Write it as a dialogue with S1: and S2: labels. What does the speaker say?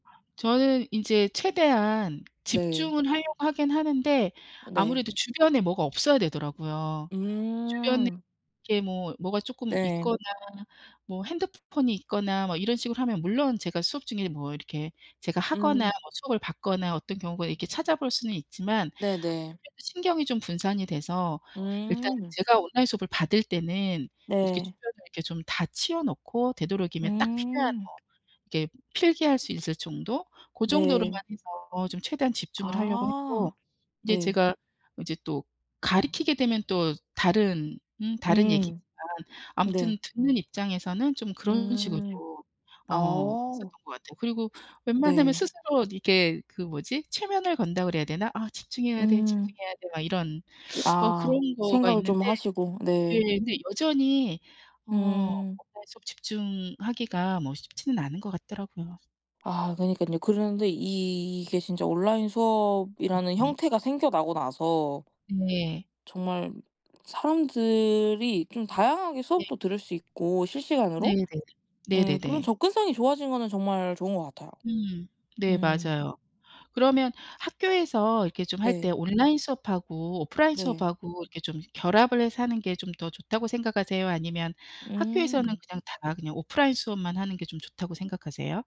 S1: 저는 이제 최대한
S2: 네.
S1: 집중을 하려고 하긴 하는데
S2: 네.
S1: 아무래도 주변에 뭐가 없어야 되더라고요. 주변에
S2: 음.
S1: 이렇게 뭐 뭐가 조금 있거나
S2: 네.
S1: 뭐 핸드포 폰이 있거나 뭐 이런 식으로 하면 물론 제가 수업 중에 뭐 이렇게 제가 하거나
S2: 음.
S1: 뭐 수업을 받거나 어떤 경우가 이렇게 찾아볼 수는 있지만
S2: 네네.
S1: [unintelligible] 신경이 좀 분산이 돼서 일단
S2: 음.
S1: 제가 온라인 수업을 받을 때는 이렇게
S2: 네.
S1: 주변에 이렇게 좀 다 치워 놓고 되도록이면 딱 필요한
S2: 음.
S1: 뭐 이렇게 필기할 수 있을 정도? 고 정도로만
S2: 네.
S1: 해서 좀 최대한 집중을 하려고 했고.
S2: 아.
S1: 이제
S2: 네.
S1: 제가 이제 또 가르키게 되면 또 다른 음 다른 얘기지만
S2: 음. 네.
S1: 아무튼 듣는 입장에서는 좀 그런 식으로
S2: 음.
S1: 어 했었던
S2: 어.
S1: 것 같아요. 그리고 웬만하면
S2: 네.
S1: 스스로 이게 그 뭐지? 최면을 건다 그래야 되나? '아 집중해야 돼,
S2: 음.
S1: 집중해야 돼.' 막 이런 어
S2: 아
S1: 그런 거가
S2: 생각을
S1: 있는데
S2: 좀 하시고.
S1: 네
S2: 네.
S1: 근데 여전히 어
S2: 음.
S1: 뭔가 좀 집중하기가 뭐 쉽지는 않은 것 같더라고요.
S2: 아 그니깐요. 그런데 이게 진짜 온라인 수업이라는
S1: 네.
S2: 형태가 생겨나고 나서
S1: 네.
S2: 정말 사람들이 좀 다양하게
S1: 네.
S2: 수업도 들을 수 있고 실시간으로
S1: 네네.
S2: 예 그런
S1: 네네네.
S2: 접근성이 좋아진 거는 정말 좋은 것 같아요.
S1: 음 네
S2: 음.
S1: 맞아요. 그러면 학교에서 이렇게 좀 할 때
S2: 네.
S1: 온라인 수업하고 오프라인
S2: 네.
S1: 수업하고 이렇게 좀 결합을 해서 하는 게 좀 더 좋다고 생각하세요? 아니면 학교에서는
S2: 음.
S1: 그냥 다 그냥 오프라인 수업만 하는 게 좀 좋다고 생각하세요?